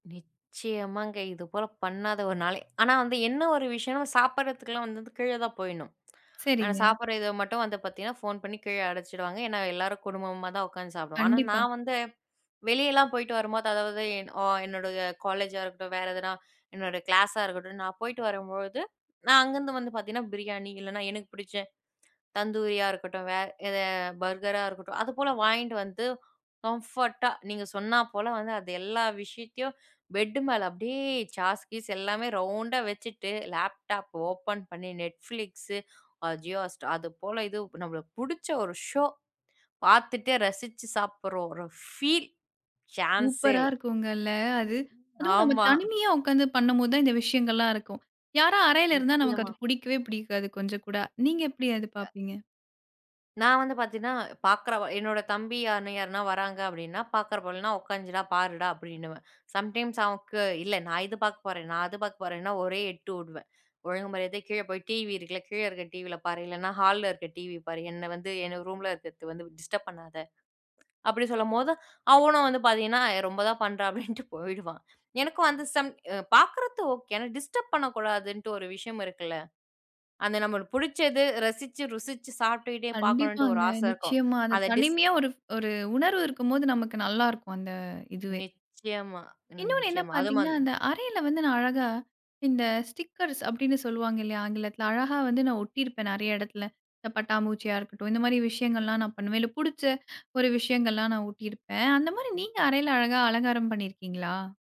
நிச்சயமாங்க, இதுபோல பண்ணாத ஒரு நாளே ஆனா, வந்து என்னவொரு விஷயம்ன்னா, நம்ம சாப்டுறதுக்குலாம் வந்து இந்த கீழ தான் போயிட்ணும். ஆனா, சரிங்க. சாப்டுற இத மட்டும் வந்து பாத்தீங்கன்னா, ஃபோன் பண்ணி கீழ அழைச்சிடுவாங்க. ஏன்னா, எல்லாரும் குடும்பமாதான் உக்காந்து சாப்டுவோம். ஆனா, கண்டிப்பா. நான் வந்து வெளியலாம் போயிட்டு வரும்போது, அதாவது அ என்னோட காலேஜா இருக்கட்டும், வேற எதுனா, என்னோட கிளாஸா இருக்கட்டும். நான் போயிட்டு வரும்பொழுது, நான் அங்கருந்து வந்து பாத்தீங்கன்னா பிரியாணி, இல்லன்னா, எனக்கு பிடிச்ச தந்தூரியா இருக்கட்டும், வே எத பர்கரா இருக்கட்டும் அதுபோல வாங்கிட்டு வந்து, கம்ஃபோர்ட்டா நீங்க சொன்னாப்போல வந்து, அது எல்லா விஷயத்தையும் பெட் மேல அப்பிடியே சாஸ், கீஸ் எல்லாமே ரவுண்டா வச்சிட்டு, லேப்டாப் ஓப்பன் பண்ணி Netflix, ஆ Jio Hotstar, அதுபோல இது நம்மளுக்கு புடிச்ச ஒரு ஷோ பாத்துட்டே ரசிச்சு சாப்டுற ஒரு ஃபீல், சான்ஸே சூப்பரா இல்ல. இருக்குங்கல்ல. அது, அதுவும் நம்ம ஆமா. தனிமையா உட்கார்ந்து பண்ணும்போதுதான் இந்த விஷயங்கள்லாம் இருக்கும். யாரா அறையில இருந்தா நமக்கு நிச்சயமா. அது பிடிக்கவே பிடிக்காது, கொஞ்சம் கூட. நீங்க எப்பிடி அது பார்ப்பீங்க? நான் வந்து பாத்தீங்கன்னா, பாக்குறவ என்னோட தம்பி யார், யாருனா வராங்க அப்பிடின்னா, "பாக்குற போலன்னா, உக்காந்திர்டா பாருடா!" அப்பிடின்னுவேன். சம் டைம்ஸ் அவனுக்கு "இல்ல நான் இது பாக்கப் போறேன், நான் அது பாக்கப் போறேன்னா" ஒரே எட்டு உடுவேன். "ஒழுங்கு மரியாதையா கீழ போய் டிவியிருக்குல, கீழ இருக்க டிவில பாரு! இல்லன்னா, ஹால்ல இருக்க டிவி பாரு. என்ன வந்து என் ரூம்ல இருக்கிறது வந்து டிஸ்டர்ப் பண்ணாத!" அப்பிடி சொல்லும்போது, அவனும் வந்து பாத்தீங்கன்னா, ஏ ரொம்ப தான் பண்றா! அப்பிடின்ட்டுப் போயிடுவான் எனக்கும் அந்த சம் அ பாக்குறது ஓகே, ஆனா, டிஸ்டர்ப் பண்ணக் கூடாதுன்டு ஒரு விஷயம் இருக்குல! அந்த நம்மளுக்கு புடிச்சது ரசிச்சு ருசிச்சு சாப்ட்டுக்கிட்டே பாக்கணுன்டு ஒரு கண்டிப்பாங்க, ஆசை இருக்கும். நிச்சயமா. அந்த அத டிஸ் தனிமையா ஒரு, ஒரு உணர்வு இருக்கும்போது நமக்கு நல்லா இருக்கும். அந்த இதுவே. நிச்சயமா, ம் இன்னொன்னு என்ன நிச்சயமா. அது பார்த்தீங்கன்னா, மந் அந்த அறையில வந்து நான் அழகா, இந்த ஸ்டிக்கர்ஸ் அப்பிடின்னு சொல்லுவாங்க இல்லயா! ஆங்கிலத்துல. அழகா வந்து நான் ஒட்டிருப்பேன் நிறைய இடத்துல. பட்டாம்பூச்சியா இருக்கட்டும், இந்த மாரி விஷயங்கள்லாம் நான் பண்ணுவேன். இல்ல, பிடிச்ச ஒரு விஷயங்கள்லாம் நான் ஒட்டிருப்பேன். அந்தமாரி நீங்க அறையில அழகா அலங்காரம் பண்ணிருக்கீங்களா?